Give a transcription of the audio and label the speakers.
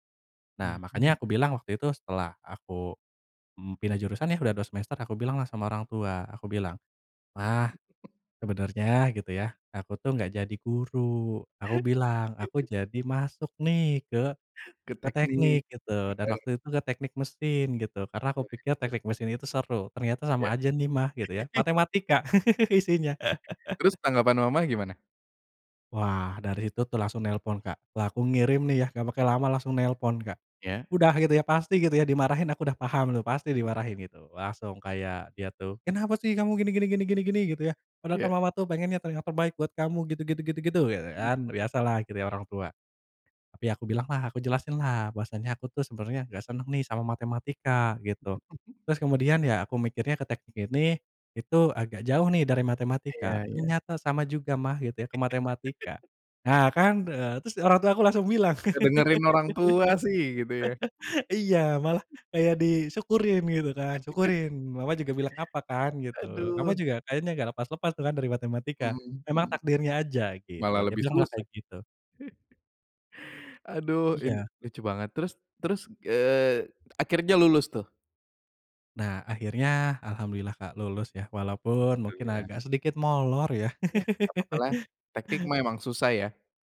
Speaker 1: Nah,
Speaker 2: Mhm.
Speaker 1: makanya aku bilang waktu itu setelah aku mmm, pindah jurusan ya udah 2 semester, aku bilang lah sama orang tua. Aku bilang, "mah sebenarnya gitu ya, aku tuh enggak jadi guru, aku bilang aku jadi masuk nih ke
Speaker 2: Ke
Speaker 1: ke teknik",
Speaker 2: teknik.
Speaker 1: gitu. Dan
Speaker 2: [unintelligible]
Speaker 1: waktu itu ke teknik mesin gitu. Karena aku pikir
Speaker 2: Waduh.
Speaker 1: teknik mesin itu seru. Ternyata sama
Speaker 2: Ya.
Speaker 1: aja nih mah gitu ya, matematika isinya.
Speaker 2: Terus tanggapan mama gimana?
Speaker 1: Wah, dari situ tuh langsung nelpon, Kak. Lah, aku ngirim nih ya, enggak pakai lama langsung nelpon, Kak.
Speaker 2: Ya.
Speaker 1: Udah gitu ya, pasti gitu ya dimarahin aku udah paham tuh, pasti dimarahin, gitu. Langsung kayak dia tuh, "kenapa sih kamu gini gini gini gini gini gitu ya, padahal kan
Speaker 2: Ya.
Speaker 1: mama tuh pengennya telinga terbaik buat kamu gitu gitu gitu gitu gitu-", biasa kan, biasalah gitu ya orang tua. Tapi aku bilang lah, aku jelasin lah bahwasanya aku tuh sebenarnya enggak seneng nih sama matematika, gitu. Terus kemudian ya aku mikirnya ke teknik ini, itu agak jauh nih dari
Speaker 2: Iya,
Speaker 1: matematika.
Speaker 2: iya.
Speaker 1: Ternyata sama juga mah gitu ya ke matematika. Nah kan, eee, terus orang tua aku langsung bilang.
Speaker 2: Enggak dengerin orang tua sih, gitu ya.
Speaker 1: Iya, malah kayak disyukurin gitu kan. "Syukurin, mama juga bilang apa kan", gitu. Kamu
Speaker 2: Aduh.
Speaker 1: juga kayaknya enggak lepas-lepas tuh kan dari matematika.
Speaker 2: Mhm,
Speaker 1: Memang
Speaker 2: mhm.
Speaker 1: takdirnya aja,
Speaker 2: Malah
Speaker 1: gitu. Dia
Speaker 2: lebih
Speaker 1: bilang malah
Speaker 2: susah.
Speaker 1: kayak gitu.
Speaker 2: Aduh ini
Speaker 1: Iya.
Speaker 2: lucu banget. Terus terus eee, akhirnya lulus tuh?
Speaker 1: Nah akhirnya, Alhamdulillah Kak, lulus ya, walaupun mungkin
Speaker 2: Alhamdulillah.
Speaker 1: agak sedikit molor ya.
Speaker 2: Iya, enggak apa-apa lah, teknik memang susah ya?